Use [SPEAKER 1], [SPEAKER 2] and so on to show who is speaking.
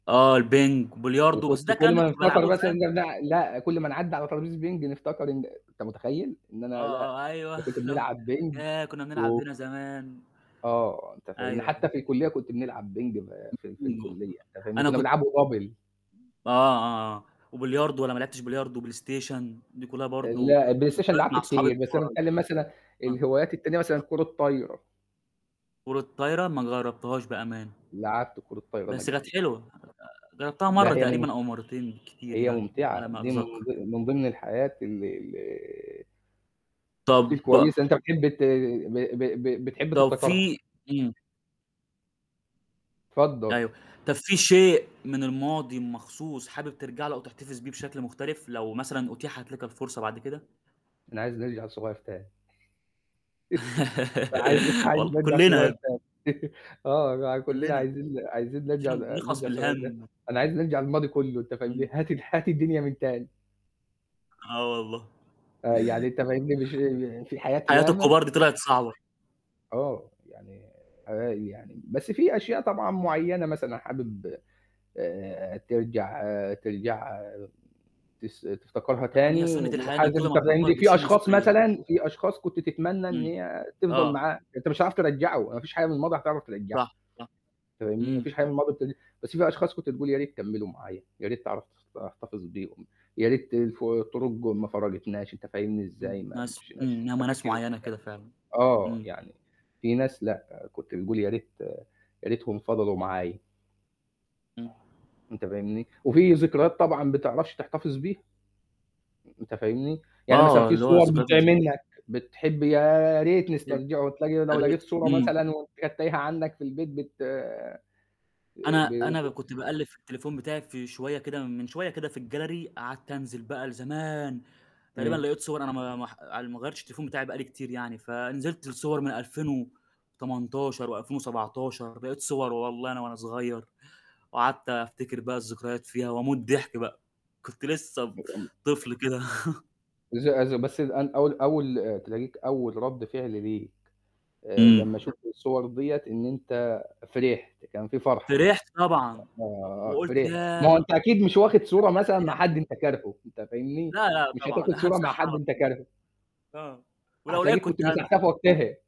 [SPEAKER 1] آه البينج، بلياردو
[SPEAKER 2] وكنت
[SPEAKER 1] بس ده
[SPEAKER 2] كل
[SPEAKER 1] الكلام ده
[SPEAKER 2] ما
[SPEAKER 1] كنت
[SPEAKER 2] نفتكر
[SPEAKER 1] بالعبه ل
[SPEAKER 2] مثلًا
[SPEAKER 1] فاهم؟
[SPEAKER 2] ن لأ، كل ما نعدّي على طرابيزة بينج نفتكر إن أنت متخيل؟ إن
[SPEAKER 1] آه،
[SPEAKER 2] أنا لأ
[SPEAKER 1] آه، أيوه،
[SPEAKER 2] [unintelligible]
[SPEAKER 1] اللي هو
[SPEAKER 2] بنلعب بينج
[SPEAKER 1] ياه! كنا بنلعب
[SPEAKER 2] و
[SPEAKER 1] هنا زمان.
[SPEAKER 2] آه، أنت
[SPEAKER 1] أيوه،
[SPEAKER 2] فاهمني،
[SPEAKER 1] أيوه.
[SPEAKER 2] حتى في الكُلّية كنت بنلعب بينج ب في في
[SPEAKER 1] [unintelligible] ج
[SPEAKER 2] الكُلّية، أنت فاهمني،
[SPEAKER 1] أنا
[SPEAKER 2] كنا
[SPEAKER 1] كنت
[SPEAKER 2] بنلعبه double.
[SPEAKER 1] آه، آه، آه. وبلياردو، والّا ما لعبتش بلياردو وبلايستيشن، دي كُلّها برضه
[SPEAKER 2] لأ البلايستيشن
[SPEAKER 1] ذكريات
[SPEAKER 2] لعبت
[SPEAKER 1] مع صحاب
[SPEAKER 2] كتير، بس أنا
[SPEAKER 1] [unintelligible]
[SPEAKER 2] باتكلم مثلًا
[SPEAKER 1] آه.
[SPEAKER 2] الهوايات التانية مثلًا كرة طايرة.
[SPEAKER 1] كرة طايرة؟ ما جربتهاش بأمانه.
[SPEAKER 2] لعبت كرة طايرة أنا
[SPEAKER 1] بس كانت
[SPEAKER 2] قبل كده.
[SPEAKER 1] حلوة، جربتها مرّة
[SPEAKER 2] لأ هي مم
[SPEAKER 1] تقريبًا أو مرّتين بالكتير
[SPEAKER 2] هي
[SPEAKER 1] يعني
[SPEAKER 2] ممتعة،
[SPEAKER 1] على ما
[SPEAKER 2] دي من
[SPEAKER 1] أتذكر.
[SPEAKER 2] ض من ضمن الحاجات ال ال
[SPEAKER 1] طب
[SPEAKER 2] إس كويسه أنت بتحب ت ب ب ب بتحب
[SPEAKER 1] طب
[SPEAKER 2] تفتكرها.
[SPEAKER 1] في إمم.
[SPEAKER 2] اتفضل.
[SPEAKER 1] أيوه، طب في شيء من الماضي مخصوص حابب ترجع له أو تحتفظ بيه بشكل مختلف لو مثلًا أُتيحت لك الفرصة بعد كده؟
[SPEAKER 2] أنا عايز نرجع صغير تاني. عايز عايز
[SPEAKER 1] والل
[SPEAKER 2] نرجع
[SPEAKER 1] كُلّنا يا
[SPEAKER 2] صغير
[SPEAKER 1] بني.
[SPEAKER 2] تاني. آه كلّنا
[SPEAKER 1] كُلّنا.
[SPEAKER 2] عايزين ن عايزين نرجع
[SPEAKER 1] عشان نخلص
[SPEAKER 2] نرجع
[SPEAKER 1] من
[SPEAKER 2] صغيرين تاني،
[SPEAKER 1] الهم.
[SPEAKER 2] أنا عايز نرجع الماضي كلّه أنت فاهمني،
[SPEAKER 1] إمم.
[SPEAKER 2] هات ال هات الدنيا من تاني.
[SPEAKER 1] آه والله.
[SPEAKER 2] آه، يعني أنت فاهمني، مش ف فى حاجات
[SPEAKER 1] حياة
[SPEAKER 2] ياما
[SPEAKER 1] الكبار دي طلعت صعبة.
[SPEAKER 2] آه، يعني آآ يعني بس في أشياء طبعًا معيّنة مثلًا حابب آآ ترجع ترجع تس تفتكرها
[SPEAKER 1] طبعًا
[SPEAKER 2] تاني
[SPEAKER 1] هي سُنّة
[SPEAKER 2] و
[SPEAKER 1] الحياة إن كل ما
[SPEAKER 2] [unintelligible]
[SPEAKER 1] بتكبر
[SPEAKER 2] عندي في
[SPEAKER 1] بتشيل
[SPEAKER 2] أشخاص
[SPEAKER 1] مسؤولية.
[SPEAKER 2] مثلًا في أشخاص كنت تتمنى إن
[SPEAKER 1] إمم،
[SPEAKER 2] هي تفضل
[SPEAKER 1] آه.
[SPEAKER 2] معاك، أنت مش عارف ترجعه، ما فيش حاجة من الماضي هتعرف ترجعها
[SPEAKER 1] صح، صح،
[SPEAKER 2] فاهمني؟ ما
[SPEAKER 1] إمم.
[SPEAKER 2] فيش حاجة من الماضي بت بس في أشخاص كنت تقول يا ريت كملوا معايا، يا ريت تعرف تخط تحتفظ بيهم، يا ريت الف الطرق ما فرّقتناش، أنت فاهمني إزاي،
[SPEAKER 1] إمم،
[SPEAKER 2] ما
[SPEAKER 1] ناس،
[SPEAKER 2] مشيناش
[SPEAKER 1] إمم، هُم
[SPEAKER 2] أنت
[SPEAKER 1] ناس
[SPEAKER 2] فاكرني يعني
[SPEAKER 1] معيّنة كده فعلًا،
[SPEAKER 2] آه،
[SPEAKER 1] إمم.
[SPEAKER 2] يعني في ناس لأ كنت تقول يا ريت يا ريتهم فضلوا معايا.
[SPEAKER 1] إمم.
[SPEAKER 2] أنت فاهمني؟ وفي ذكريات طبعًا بتعرفش تحتفظ بيها، أنت فاهمني، يعني مثلًا
[SPEAKER 1] آه،
[SPEAKER 2] في
[SPEAKER 1] اللي هو
[SPEAKER 2] صور
[SPEAKER 1] الذكريات
[SPEAKER 2] بتضيع
[SPEAKER 1] ال
[SPEAKER 2] منك بتحب يا ريت
[SPEAKER 1] [unintelligible]
[SPEAKER 2] نسترجعه، تلاقي لو
[SPEAKER 1] ياريت،
[SPEAKER 2] لقيت صورة
[SPEAKER 1] إمم.
[SPEAKER 2] مثلًا وأنت كانت تايهه عندك في البيت بت
[SPEAKER 1] أنا
[SPEAKER 2] ب ب
[SPEAKER 1] أنا ب كنت باقلّب في التليفون بتاعي في شوية كده من شوية كده في الgallery، قعدت أنزل بقى لزمان، تقريبًا
[SPEAKER 2] إمم.
[SPEAKER 1] لقيت صور أنا ما ما ح على ال ما غيرتش التليفون بتاعي بقى لي كتير يعني، فنزلت لصور من 2018 و2017 لقيت صور والله أنا وأنا صغير، وقعدت أفتكر بقى الذكريات فيها وأموت ضحك بقى، كنت لسه ب
[SPEAKER 2] [unintelligible]
[SPEAKER 1] طفل كده
[SPEAKER 2] إز إز بس أن أول أول تلاقيك أول رد فعل ليك آآ،
[SPEAKER 1] إمم.
[SPEAKER 2] لمّا شُفت الصور دِيّة إن أنت فرحت، كان في فرحه،
[SPEAKER 1] فرحت طبعًا و
[SPEAKER 2] آآ،
[SPEAKER 1] وقُلت
[SPEAKER 2] فرحت.
[SPEAKER 1] ياه!
[SPEAKER 2] ما
[SPEAKER 1] نِفسي
[SPEAKER 2] هو
[SPEAKER 1] أرجع
[SPEAKER 2] أنت أكيد مش واخد صورة مثلًا مع
[SPEAKER 1] للأيام
[SPEAKER 2] حد
[SPEAKER 1] دي.
[SPEAKER 2] أنت كارهه، أنت فاهمني،
[SPEAKER 1] لا، لأ،
[SPEAKER 2] مش
[SPEAKER 1] طبعًا
[SPEAKER 2] هتاخد صورة مع
[SPEAKER 1] هامسحها
[SPEAKER 2] حد
[SPEAKER 1] على
[SPEAKER 2] أنت
[SPEAKER 1] طول.
[SPEAKER 2] كارهه.
[SPEAKER 1] آه، ولو لقيت
[SPEAKER 2] هتلاقيك كنت
[SPEAKER 1] كنت هامسح.
[SPEAKER 2] مسحتها في وقتها.